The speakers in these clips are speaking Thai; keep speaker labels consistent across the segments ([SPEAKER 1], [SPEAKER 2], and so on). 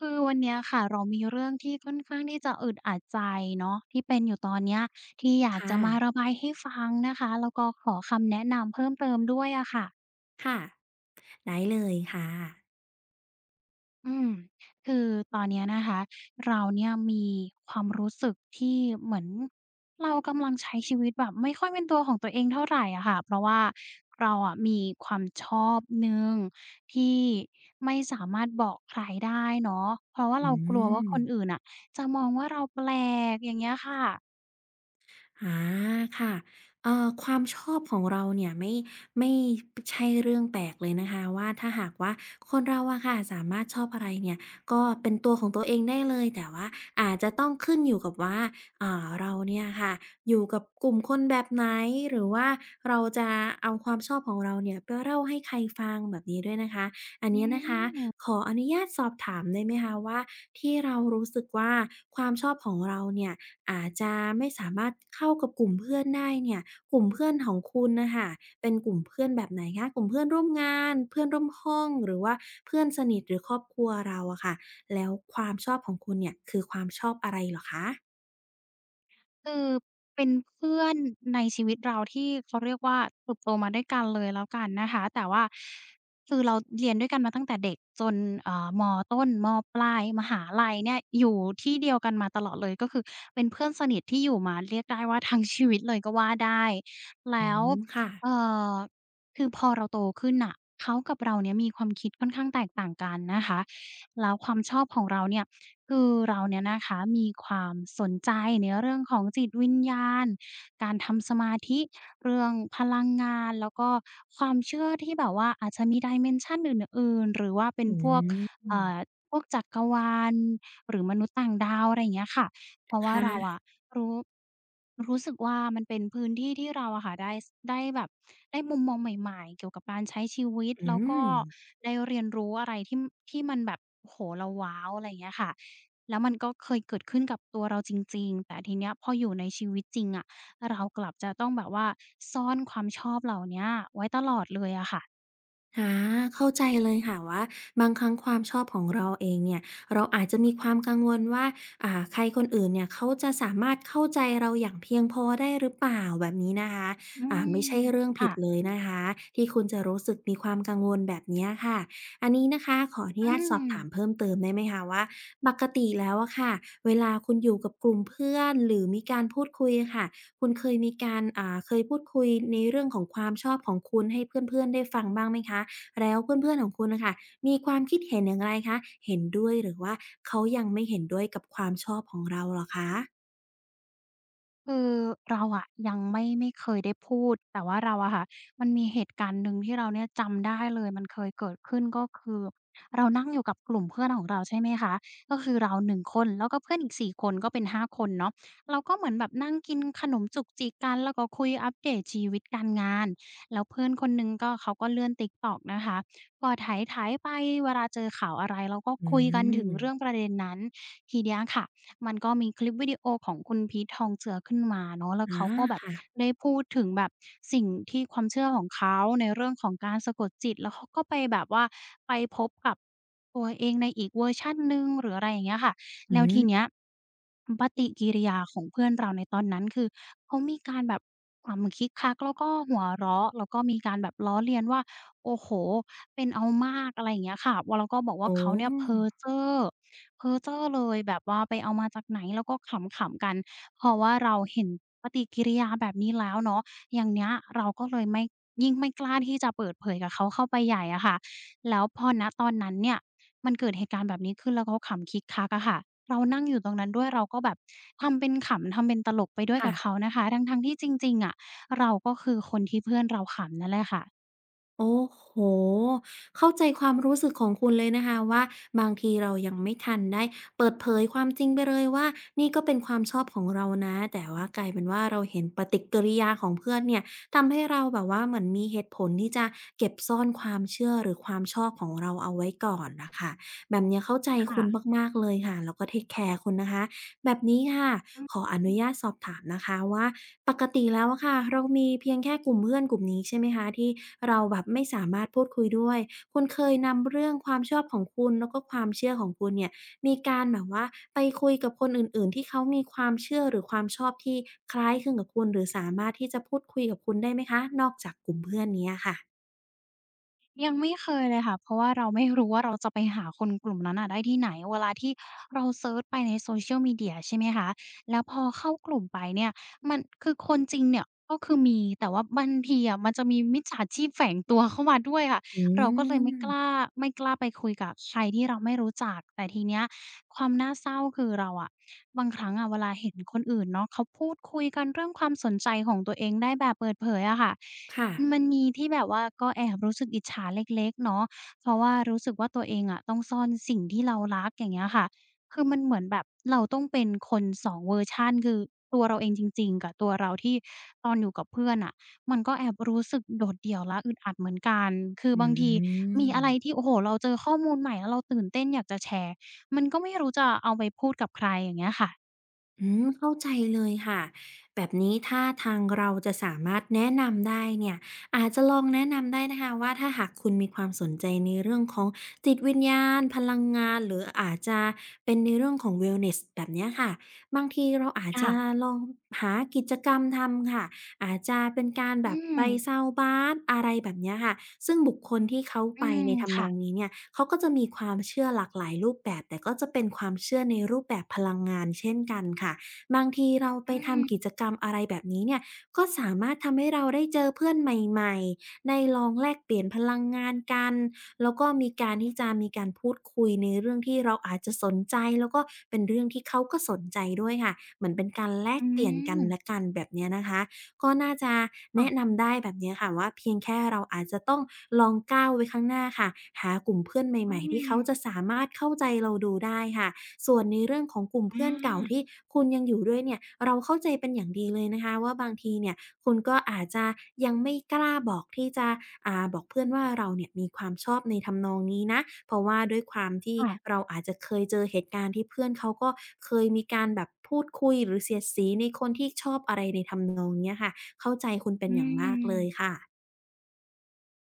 [SPEAKER 1] คือวันนี้ค่ะ เรามีเรื่องที่ค่อนข้างที่จะอึดอัดใจเนาะ ที่เป็นอยู่ตอนเนี้ย ที่อยา
[SPEAKER 2] ค
[SPEAKER 1] ก
[SPEAKER 2] ่
[SPEAKER 1] จะมา
[SPEAKER 2] ะ
[SPEAKER 1] ระบายให้ฟังนะคะ แล้วก็ขอคำแนะนำเพิ่มเติมด้วยอะค่ะ
[SPEAKER 2] ค่ะ ได้เลย ค่ะ
[SPEAKER 1] อืม คือตอนนี้นะคะ เราเนี่ยมีความรู้สึกที่เหมือนเรากำลังใช้ชีวิตแบบไม่ค่อยเป็นตัวของตัวเองเท่าไรอะค่ะ เพราะว่าเราอะมีความชอบหนึ่งที่ไม่สามารถบอกใครได้เนาะ เพราะว่า
[SPEAKER 2] อ
[SPEAKER 1] เ
[SPEAKER 2] ื
[SPEAKER 1] รากลัวว่าคน
[SPEAKER 2] ม
[SPEAKER 1] อื่นน่ะจะมองว่าเรา แปลก อย่างเงี้ยค่ะ
[SPEAKER 2] อา ค่ะ เอ่อ ความชอบของเราเนี่ยไม่ ไม่ใช่เรื่องแปลกเลยนะคะว่า ถ้าหากว่าคนเราอะค่ะ สามารถชอบอะไรเนี่ย ก็เป็นตัวของตัวเองได้เลย แต่ว่าอาจจะต้องขึ้นอยู่กับว่า อ่า เราเนี่ยค่ะ อยู่กับกลุ่มคนแบบไหน หรือว่าเราจะเอาความชอบของเราเนี่ยไปเล่าให้ใครฟังแบบนี้ด้วยนะคะ อัน
[SPEAKER 1] อื
[SPEAKER 2] นี้นะคะ
[SPEAKER 1] ม
[SPEAKER 2] ขออนุญาตสอบถามได้ไหมคะว่า ที่เรารู้สึกว่าความชอบของเราเนี่ย อาจจะไม่สามารถเข้ากับกลุ่มเพื่อนได้เนี่ย กลุ่มเพื่อนของคุณน่ะค่ะ เป็นกลุ่มเพื่อนแบบไหนคะ? กลุ่มเพื่อนร่วมงาน เพื่อนร่วมห้อง หรือว่าเพื่อนสนิทหรือครอบครัวเราอะค่ะ แล้วความชอบของคุณเนี่ย คือความชอบอะไรเหรอคะ?
[SPEAKER 1] คือเป็นเพื่อนในชีวิตเราที่เขาเรียกว่า เติบโตมาด้วยกันเลยแล้วกันนะคะ แต่ว่า คือเราเรียนด้วยกันมาตั้งแต่เด็กจน เอ่อ ม.ต้น ม.ปลาย มหาลัยเนี่ยอยู่ที่เดียวกันมาตลอดเลย ก็คือเป็นเพื่อนสนิทที่อยู่มาเรียกได้ว่าทั้งชีวิตเลยก็ว่าได้ แล
[SPEAKER 2] อื
[SPEAKER 1] ้ว
[SPEAKER 2] ม ค่ะ
[SPEAKER 1] เอ่อ คือพอเราโตขึ้นน่ะ เขากับเราเนี่ยมีความคิดค่อนข้างแตกต่างกันนะคะ แล้วความชอบของเราเนี่ย คือเราเนี่ยนะคะ มีความสนใจในเรื่องของจิตวิญญาณ การทำสมาธิ เรื่องพลังงานแล้วก็ความเชื่อที่แบบว่าอาจจะมี dimension อื่น ๆ หรือว่าเป็
[SPEAKER 2] อ
[SPEAKER 1] น
[SPEAKER 2] ื
[SPEAKER 1] พวก เอ่
[SPEAKER 2] ม
[SPEAKER 1] อ พวกจักรวาลหรือมนุษย์ต่างดาว อะไรอย่างเงี้ยค่ะ เพราะว
[SPEAKER 2] ค
[SPEAKER 1] ่า
[SPEAKER 2] ่ะ
[SPEAKER 1] เราอะรู้ รู้สึกว่ามันเป็นพื้นที่ ที่เราอะค่ะได้ ได้แบบ ได้มุมมองใหม่ ๆ เกี่ยวกับการใช้ชีวิต
[SPEAKER 2] อื
[SPEAKER 1] แล้วก็
[SPEAKER 2] ม
[SPEAKER 1] ได้เรียนรู้อะไรที่ ที่มันแบบ โอ้โฮ เราว้าว อะไรอย่างเงี้ยค่ะ แล้วมันก็เคยเกิดขึ้นกับตัวเราจริง ๆ แต่ทีนี้พออยู่ในชีวิตจริงอะ เรากลับจะต้องแบบว่าซ่อนความชอบเหล่านี้ไว้ตลอดเลยอะค่ะ
[SPEAKER 2] อา เข้าใจเลยค่ะว่า บางครั้งความชอบของเราเองเนี่ย เราอาจจะมีความกังวลว่า อ่า ใครคนอื่นเนี่ย เขาจะสามารถเข้าใจเราอย่างเพียงพอได้หรือเปล่า แบบนี้นะคะ
[SPEAKER 1] อื
[SPEAKER 2] อ่า
[SPEAKER 1] ม
[SPEAKER 2] ไม่ใช่เรื่อง
[SPEAKER 1] ค
[SPEAKER 2] ผ
[SPEAKER 1] ่
[SPEAKER 2] ิด
[SPEAKER 1] ะ
[SPEAKER 2] เลยนะคะ ที่คุณจะรู้สึกมีความกังวลแบบเนี้ยค่ะ อันนี้นะคะ ขออนุ
[SPEAKER 1] อื
[SPEAKER 2] ญาตสอบถา
[SPEAKER 1] ม
[SPEAKER 2] มเพิ่มเติมได้ไหมคะว่า ปกติแล้วอะค่ะ เวลาคุณอยู่กับกลุ่มเพื่อนหรือมีการพูดคุยอะค่ะ คุณเคยมีการ อ่า เคยพูดคุยในเรื่องของความชอบของคุณให้เพื่อน ๆ ได้ฟังบ้างไหมคะ? แล้วเพื่อน ๆ ของคุณอะค่ะ มีความคิดเห็นอย่างไรคะ? เห็นด้วย หรือว่าเขายังไม่เห็นด้วยกับความชอบของเราเหรอคะ?
[SPEAKER 1] คือ เราอะยังไม่ ไม่เคยได้พูด แต่ว่าเราอะค่ะ มันมีเหตุการณ์หนึ่งที่เราเนี่ยจำได้เลย มันเคยเกิดขึ้น ก็คือ เรานั่งอยู่กับกลุ่มเพื่อนของเรา ใช่ไหมคะ ก็คือเรา 1 คน แล้วก็เพื่อนอีก 4 คน ก็เป็น 5 คนเนาะ เราก็เหมือนแบบนั่งกินขนมจุกจิกกัน ก็คุยอัปเดตชีวิตการงาน แล้วเพื่อนคนหนึ่งก็เขาก็เลื่อน TikTok ก็ไถ ๆ ไป เวลาเจอข่าวอะไรเราก็
[SPEAKER 2] อื
[SPEAKER 1] คุยกันถึงเรื่
[SPEAKER 2] ม
[SPEAKER 1] องประเด็นนั้น ทีเนี้ยค่ะ มันก็มีคลิปวิดีโอของคุณพีท ทองเจือ ขึ้นมาเนาะ แล้
[SPEAKER 2] อ
[SPEAKER 1] ว
[SPEAKER 2] ๋อ
[SPEAKER 1] เขาก็แบ
[SPEAKER 2] ค
[SPEAKER 1] บ
[SPEAKER 2] ่ะ
[SPEAKER 1] ได้พูดถึงแบบสิ่งที่ความเชื่อของเขาในเรื่องของการสะกดจิต แล้วเขาก็ไปแบบว่าไปพบกับตัวเองในอีกเวอร์ชันหนึ่ง หรืออะไรอย่างเงี้ยค่ะ
[SPEAKER 2] อ
[SPEAKER 1] แล้วที
[SPEAKER 2] ืม
[SPEAKER 1] เนี้ย ปฏิกิริยาของเพื่อนเราในตอนนั้นคือเขามีการแบบขำคิกคักแล้วก็หัวเราะ แล้วก็มีการแบบล้อเลียนว่า โอ้โฮ เป็นเอามาก อะไรอย่างเงี้ยค่ะ ว่าแล้วก็บอกว่
[SPEAKER 2] อ
[SPEAKER 1] า
[SPEAKER 2] ๋
[SPEAKER 1] เขาเนี่ยเพ้
[SPEAKER 2] อ
[SPEAKER 1] อเจ้อ เพ้อเจ้อเลย แบบว่าไปเอามาจากไหน แล้วก็ขำ ๆ กัน เพราะว่าเราเห็นปฏิกิริยาแบบนี้แล้วเนาะ อย่างเนี้ย เราก็เลยไม่ ยิ่งไม่กล้าที่จะเปิดเผยกับเขาเข้าไปใหญ่อะค่ะ แล้วพอ ณ ตอนนั้นเนี่ย มันเกิดเหตุการณ์แบบนี้ขึ้นแล้วเขาขำคิกคักอะค่ะ เรานั่งอยู่ตรงนั้นด้วย เราก็แบบทำเป็นขำ ทำเป็นตลกไปด้ว
[SPEAKER 2] ค
[SPEAKER 1] ยก
[SPEAKER 2] ่
[SPEAKER 1] ับเ
[SPEAKER 2] ะ
[SPEAKER 1] ขานะคะ ทั้ง ๆ ที่จริง ๆ อะ เราก็คือคนที่เพื่อนเราขำนั่นแหละค่ะ
[SPEAKER 2] โอ้โฮ! เข้าใจความรู้สึกของคุณเลยนะคะว่า บางทีเรายังไม่ทันได้เปิดเผยความจริงไปเลยว่า นี่ก็เป็นความชอบของเรานะ แต่ว่ากลายเป็นว่า เราเห็นปฏิกิริยาของเพื่อนเนี่ย ทำให้เราแบบว่าเหมือนมีเหตุผลที่จะเก็บซ่อนความเชื่อหรือความชอบของเราเอาไว้ก่อนน่ะค่ะ แบบนี้เข้าใจ
[SPEAKER 1] ค่
[SPEAKER 2] คุณ
[SPEAKER 1] ะ
[SPEAKER 2] มาก ๆ เลยค่ะ แล้วก็เทกแคร์คุณนะคะ แบบนี้ค่ะ
[SPEAKER 1] อ
[SPEAKER 2] ขออน
[SPEAKER 1] ื
[SPEAKER 2] ุ
[SPEAKER 1] ม
[SPEAKER 2] ญาตสอบถามนะคะว่า ปกติแล้วอะค่ะ เรามีเพียงแค่กลุ่มเพื่อนกลุ่มนี้ใช่ไหมคะ ที่เราแบบไม่สามารถพูดคุยด้วย คุณเคยนำเรื่องความชอบของคุณแล้วก็ความเชื่อของคุณเนี่ย มีการแบบว่าไปคุยกับคนอื่น ๆ ที่เขามีความเชื่อหรือความชอบที่คล้ายคลึงกับคุณหรือสามารถที่จะพูดคุยกับคุณได้ไหมคะ? นอกจากกลุ่มเพื่อนนี้อะค่ะ?
[SPEAKER 1] ยังไม่เคยเลยค่ะ เพราะว่าเราไม่รู้ว่าเราจะไปหาคนกลุ่มนั้นอะได้ที่ไหน เวลาที่เราเซิร์ชไปใน Social Media ใช่ไหมคะ แล้วพอเข้ากลุ่มไปเนี่ย มัน คือคนจริงเนี่ยก็คือมี แต่ว่าบางทีอะมันจะมีมิจฉาชีพแฝงตัวเข้ามาด้วยค่ะ
[SPEAKER 2] อ
[SPEAKER 1] เราก็เลยไม่กล
[SPEAKER 2] ืม
[SPEAKER 1] ้า ไม่กล้าไปคุยกับใครที่เราไม่รู้จัก แต่ทีเนี้ยความน่าเศร้า คือเราอะ บางครั้งอะเวลาเห็นคนอื่นเนาะ เขาพูดคุยกันเรื่องความสนใจของตัวเองได้แบบเปิดเผยอะค่ะ
[SPEAKER 2] ค่ะ
[SPEAKER 1] มันมีที่แบบว่าก็แอบรู้สึกอิจฉาเล็ก ๆ เนาะ เพราะว่ารู้สึกว่าตัวเองอะต้องซ่อนสิ่งที่เรารัก อย่างเงี้ยค่ะ คือมันเหมือนแบบเราต้องเป็นคน 2 เวอร์ชัน คือตัวเราเองจริง ๆ กับตัวเราที่ตอนอยู่กับเพื่อนอะ มันก็แอบรู้สึกโดดเดี่ยวและอึดอัดเหมือนกัน คือ
[SPEAKER 2] อื
[SPEAKER 1] บางทีมีอะไร
[SPEAKER 2] ม
[SPEAKER 1] ที่ โอ้โฮ เราเจอข้อมูลใหม่แล้วเราตื่นเต้นอยากจะแชร์ มันก็ไม่รู้จะเอาไปพูดกับใคร อย่างเงี้ยอะค่ะ
[SPEAKER 2] อืม เข้าใจเลยค่ะ แบบนี้ถ้าทางเราจะสามารถแนะนำได้เนี่ย อาจจะลองแนะนำได้นะคะว่า ถ้าหากคุณมีความสนใจในเรื่องของจิตวิญญาณ พลังงาน หรืออาจจะเป็นในเรื่องของ wellness แบบเนี้ยค่ะ บางทีเราอา
[SPEAKER 1] ค
[SPEAKER 2] จ
[SPEAKER 1] ่
[SPEAKER 2] จะ
[SPEAKER 1] ะ
[SPEAKER 2] ลองหากิจกรรมทำค่ะ อาจจะเป็นการ
[SPEAKER 1] อ
[SPEAKER 2] แ
[SPEAKER 1] ื
[SPEAKER 2] บบไป
[SPEAKER 1] ม
[SPEAKER 2] sound bath อะไรแบบเนี้ยค่ะ ซึ่งบุคคลที่เขา
[SPEAKER 1] อ
[SPEAKER 2] ไ
[SPEAKER 1] ื
[SPEAKER 2] ป
[SPEAKER 1] ม
[SPEAKER 2] ในท
[SPEAKER 1] ค
[SPEAKER 2] ำน
[SPEAKER 1] ่
[SPEAKER 2] อง
[SPEAKER 1] ะ
[SPEAKER 2] นี้เนี่ย เขาก็จะมีความเชื่อหลากหลายรูปแบบ แต่ก็จะเป็นความเชื่อในรูปแบบพลังงานเช่นกันค่ะ บางทีเรา
[SPEAKER 1] อ
[SPEAKER 2] ไป
[SPEAKER 1] ื
[SPEAKER 2] ท
[SPEAKER 1] ม
[SPEAKER 2] ำกิจกรรม อะไรแบบนี้เนี่ย ก็สามารถทำให้เราได้เจอเพื่อนใหม่ ๆ ได้ลองแลกเปลี่ยนพลังงานกัน แล้วก็มีการที่จะมีการพูดคุยในเรื่องที่เราอาจจะสนใจ แล้วก็เป็นเรื่องที่เขาก็สนใจด้วยค่ะ เหมือนเป็นการแล
[SPEAKER 1] อื
[SPEAKER 2] กเปลี่ยนกันแ
[SPEAKER 1] ม
[SPEAKER 2] ละกัน แบบเนี้ยนะคะ ก็น่าจะ
[SPEAKER 1] ค
[SPEAKER 2] แน
[SPEAKER 1] ่
[SPEAKER 2] ะ
[SPEAKER 1] ะ
[SPEAKER 2] นำได้แบบเนี้ยค่ะว่า เพียงแค่เราอาจจะต้องลองก้าวไว้ข้างหน้าค่ะ หากลุ่มเพื่อนใ
[SPEAKER 1] อื
[SPEAKER 2] หม่ ๆ ที่เขา
[SPEAKER 1] ม
[SPEAKER 2] จะสามารถเข้าใจเราดูได้ค่ะ ส่วนในเรื่องของกลุ่มเพื่อนเก่าท
[SPEAKER 1] อา
[SPEAKER 2] ี่คุณยังอยู่ด้วยเนี่ย เราเข้าใจเป็นอย่างดีเลยนะคะ ว่าบางทีเนี่ย คุณก็อาจจะยังไม่กล้าบอกที่จะ อ่า บอกเพื่อนว่าเราเนี่ยมีความชอบในทำนองนี้นะ เพราะว่าด้วยความที่
[SPEAKER 1] ค่ะ
[SPEAKER 2] เราอาจจะเคยเจอเหตุการณ์ ที่เพื่อนเขาก็เคยมีการแบบพูดคุยหรือเสียดสีในคนที่ชอบอะไรในทำนองเนี้ยค่ะ เข้าใจคุณเป
[SPEAKER 1] อ
[SPEAKER 2] ็น
[SPEAKER 1] ื
[SPEAKER 2] อย่างมากเลย
[SPEAKER 1] ม
[SPEAKER 2] ค่ะ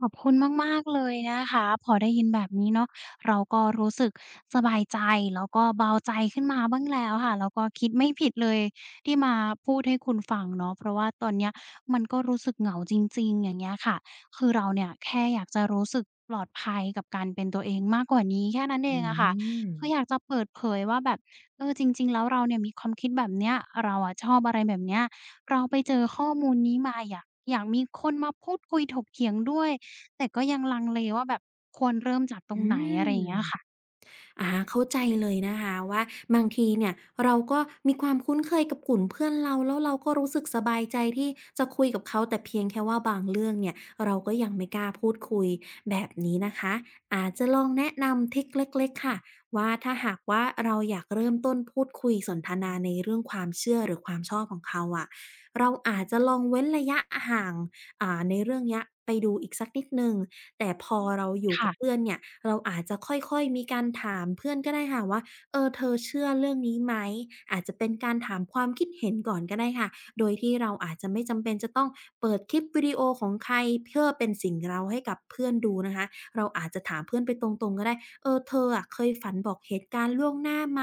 [SPEAKER 1] ขอบคุณมาก ๆ เลยนะคะ พอได้ยินแบบนี้เนาะ เราก็รู้สึกสบายใจ แล้วก็เบาใจขึ้นมาบ้างแล้วค่ะ แล้วก็คิดไม่ผิดเลยที่มาพูดให้คุณฟังเนาะ เพราะว่าตอนเนี้ย มันก็รู้สึกเหงาจริง ๆ อย่างเงี้ยค่ะ คือเราเนี่ยแค่อยากจะรู้สึกปลอดภัยกับการเป็นตัวเองมากกว่านี้แค่นั้นเอ
[SPEAKER 2] อื
[SPEAKER 1] งอะค่ะ คือ
[SPEAKER 2] ม
[SPEAKER 1] อยากจะเปิดเผยว่าแบบ เอ่อ จริง ๆ แล้วเราเนี่ยมีความคิดแบบเนี้ย เราอะชอบอะไรแบบเนี้ย เราไปเจอข้อมูลนี้มา อยาก อยากมีคนมาพูดคุยถกเถียงด้วย แต่ก็ยังลังเลว่าแบบควรเริ่มจากตร
[SPEAKER 2] อ
[SPEAKER 1] ง
[SPEAKER 2] ื
[SPEAKER 1] ไหน อะไรอ
[SPEAKER 2] ม
[SPEAKER 1] ย่างเงี้ยอะค่ะ
[SPEAKER 2] อา เข้าใจเลยนะคะว่า บางทีเนี่ยเรา ก็มีความคุ้นเคยกับกลุ่มเพื่อนเรา แล้วเราก็รู้สึกสบายใจที่จะคุยกับเขา แต่เพียงแค่ว่าบางเรื่องเนี่ย เราก็ยังไม่กล้าพูดคุย แบบนี้นะคะ อาจจะลองแนะนำทริกเล็ก ๆ ค่ะ ว่าถ้าหากว่า เราอยากเริ่มต้นพูดคุยสนทนาในเรื่องความเชื่อหรือความชอบของเขาอะ เราอาจจะลองเว้นระยะห่าง อ่า ในเรื่องนี้ไปดูอีกสักนิดหนึ่ง แต่พอ
[SPEAKER 1] อืม
[SPEAKER 2] เราอยู่
[SPEAKER 1] ค
[SPEAKER 2] ก
[SPEAKER 1] ่
[SPEAKER 2] ับ
[SPEAKER 1] ะ
[SPEAKER 2] เพื่อนเนี่ย เราอาจจะค่อย ๆ มีการถามเพื่อนก็ได้ค่ะว่า "เออ เธอเชื่อเรื่องนี้ไหม?" อาจจะเป็นการถามความคิดเห็นก่อนก็ได้ค่ะ โดยที่เราอาจจะไม่จำเป็นจะต้องเปิดคลิปวิดีโอของใคร เพื่อเป็นสิ่งเร้าให้กับเพื่อนดูนะคะ เราอาจจะถามเพื่อนไปตรง ๆ ก็ได้ "เออ เธออะ เคยฝันบอกเหตุการณ์ล่วงหน้าไหม?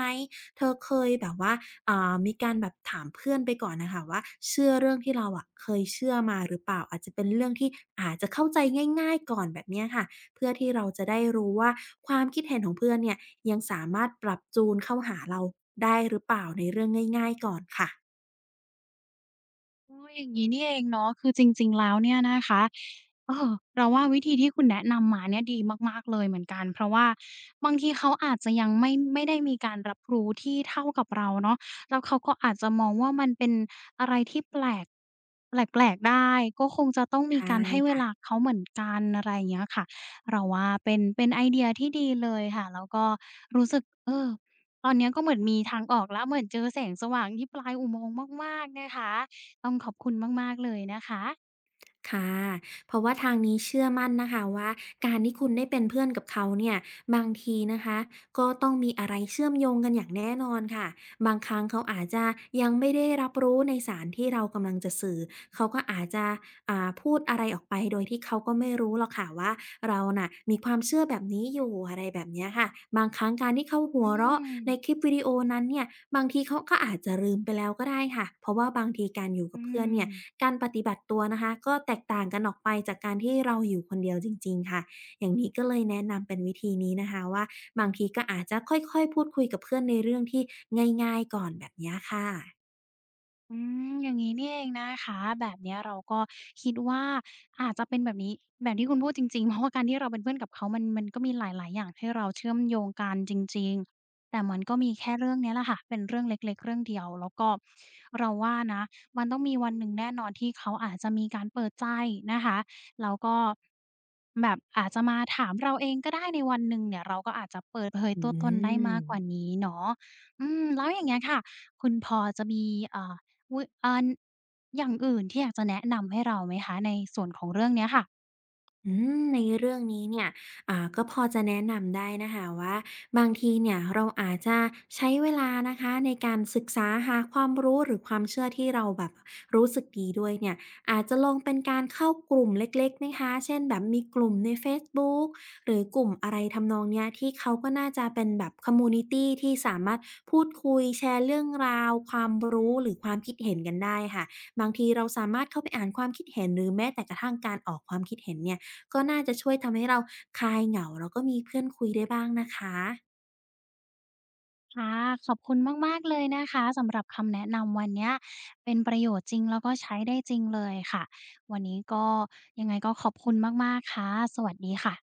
[SPEAKER 2] เธอเคยแบบว่า" อ่า มีการแบบถามเพื่อนไปก่อนอะค่ะว่า เชื่อเรื่องที่เราอะ เคยเชื่อมาหรือเปล่า? อาจจะเป็นเรื่องที่อาจจะเข้าใจง่าย ๆ ก่อนแบบเนี้ยค่ะ เพื่อที่เราจะได้รู้ว่า ความคิดเห็นของเพื่อนเนี่ย ยังสามารถปรับจูนเข้าหาเราได้หรือเปล่า ในเรื่องง่าย ๆ ก่อนค่ะ
[SPEAKER 1] อ้อ อย่างงี้นี่เองเนาะ คือจริง ๆ แล้วเนี่ยนะคะ เอ่อ เราว่าวิธีที่คุณแนะนำมาเนี่ยดีมาก ๆ เลยเหมือนกัน เพราะว่า บางทีเขาอาจจะยังไม่ ไม่ได้มีการรับรู้ที่เท่ากับเราเนาะ แล้วเขาก็อาจจะมองว่ามันเป็นอะไรที่แปลก แปลก ๆ ได้ ก็คงจะต้องม
[SPEAKER 2] ใช
[SPEAKER 1] ี
[SPEAKER 2] ่
[SPEAKER 1] การให้เว
[SPEAKER 2] ค่
[SPEAKER 1] ล
[SPEAKER 2] ะ
[SPEAKER 1] าเขาเหมือนกัน อะไรอย่างเงี้ยค่ะ เราว่าเป็น เป็นไอเดียที่ดีเลยค่ะ แล้วก็ รู้สึก เอ่อ ตอนนี้ก็เหมือนมีทางออกแล้ว เหมือนเจอแสงสว่างที่ปลายอุโมงค์มาก ๆ นะคะ ต้องขอบคุณมาก ๆ เลยนะคะ
[SPEAKER 2] ค่ะ เพราะว่าทางนี้เชื่อมั่นนะคะว่า การที่คุณได้เป็นเพื่อนกับเขาเนี่ย บางทีนะคะ ก็ต้องมีอะไรเชื่อมโยงกันอย่างแน่นอนค่ะ บางครั้งเขาอาจจะ ยังไม่ได้รับรู้ในสารที่เรากำลังจะสื่อ เขาก็อาจจะ อ่า พูดอะไรออกไปโดยที่เขาก็ไม่รู้หรอกค่ะว่า เราน่ะมีความเชื่อแบบนี้อยู่ อะไรแบบเนี้ยค่ะ บางครั้งการที่เขาห
[SPEAKER 1] อ
[SPEAKER 2] ัว
[SPEAKER 1] ื
[SPEAKER 2] เราะ ใน
[SPEAKER 1] ม
[SPEAKER 2] คลิปวิดีโอนั้นเนี่ย บางทีเขาก็อาจจะลืมไปแล้วก็ได้ค่ะ เพราะว่าบางทีการอยู่ก
[SPEAKER 1] อื
[SPEAKER 2] ับเพื่อนเนี่ย
[SPEAKER 1] ม
[SPEAKER 2] การปฏิบัติตัวนะคะก็แตกต่างกันออกไปจากการที่เราอยู่คนเดียวจริง ๆ ค่ะ อย่างนี้ก็เลยแนะนำเป็นวิธีนี้นะคะว่า บางทีก็อาจจะค่อย ๆ พูดคุยกับเพื่อนในเรื่องที่ง่าย ๆ ก่อนแบบเนี้ยค่ะ
[SPEAKER 1] อืม อย่างงี้นี่เองนะคะ แบบนี้เราก็คิดว่าอาจจะเป็นแบบนี้ แบบที่คุณพูดจริง ๆ เพราะว่าการที่เราเป็นเพื่อนกับเขามัน มันก็มีหลาย ๆ อย่างให้เราเชื่อมโยงกันจริง ๆ แต่มันก็มีแค่เรื่องนี้แหละค่ะ เป็นเรื่องเล็ก ๆ เรื่องเดียว แล้วก็เราว่านะ มันต้องมีวันหนึ่งแน่นอนที่เขาอาจจะมีการเปิดใจนะคะ แล้วก็ แบบอาจจะมาถามเราเองก็ได้ในวันหนึ่งเนี่ย เราก็อาจจะเปิดเผย
[SPEAKER 2] อื
[SPEAKER 1] ตัวตนได้มากกว่า
[SPEAKER 2] ม
[SPEAKER 1] นี้เนาะ อืม แล้วอย่างเงี้ยค่ะ คุณพอจะมี อ่า อุ๊ย! อ่า อย่างอื่นที่อยากจะแนะนำให้เราไหมคะ ในส่วนของเรื่องนี้ค่ะ?
[SPEAKER 2] อืม ในเรื่องนี้เนี่ย อ่า ก็พอจะแนะนำได้นะคะว่า บางทีเนี่ยเราอาจจะใช้เวลานะคะ ในการศึกษาหาความรู้หรือความเชื่อที่เราแบบรู้สึกดีด้วยเนี่ย อาจจะลงเป็นการเข้ากลุ่มเล็ก ๆ นะคะ เช่นแบบมีกลุ่มในเฟซบุ๊กหรือ กลุ่มอะไรทำนองเนี้ย ที่เขาก็น่าจะเป็นแบบ คอมมิวนิตี ที่สามารถพูดคุย แชร์เรื่องราวความรู้ หรือความคิดเห็นกันได้ค่ะ บางทีเราสามารถเข้าไปอ่านความคิดเห็น หรือแม้แต่กระทั่งการออกความคิดเห็นเนี่ย ก็น่าจะช่วยทำให้เราคลายเหงา แล้วก็มีเพื่อนคุยได้บ้างนะคะ
[SPEAKER 1] ค่ะ ขอบคุณมาก ๆ เลยนะคะ สำหรับคำแนะนำวันเนี้ยเป็นประโยชน์จริง แล้วก็ใช้ได้จริงเลยค่ะ วันนี้ก็ ยังไงก็ขอบคุณมาก ๆ ค่ะ สวัสดีค่ะ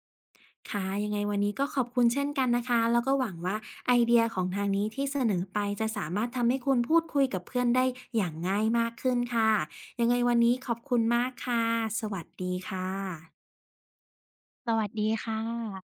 [SPEAKER 2] ค่ะ ยังไงวันนี้ก็ขอบคุณเช่นกันนะคะ แล้วก็หวังว่า ไอเดียของทางนี้ที่เสนอไป จะสามารถทำให้คุณพูดคุยกับเพื่อนได้อย่างง่ายมากขึ้นค่ะ ยังไงวันนี้ขอบคุณมากค่ะ สวัสดีค่ะ
[SPEAKER 1] สวัสดีค่ะ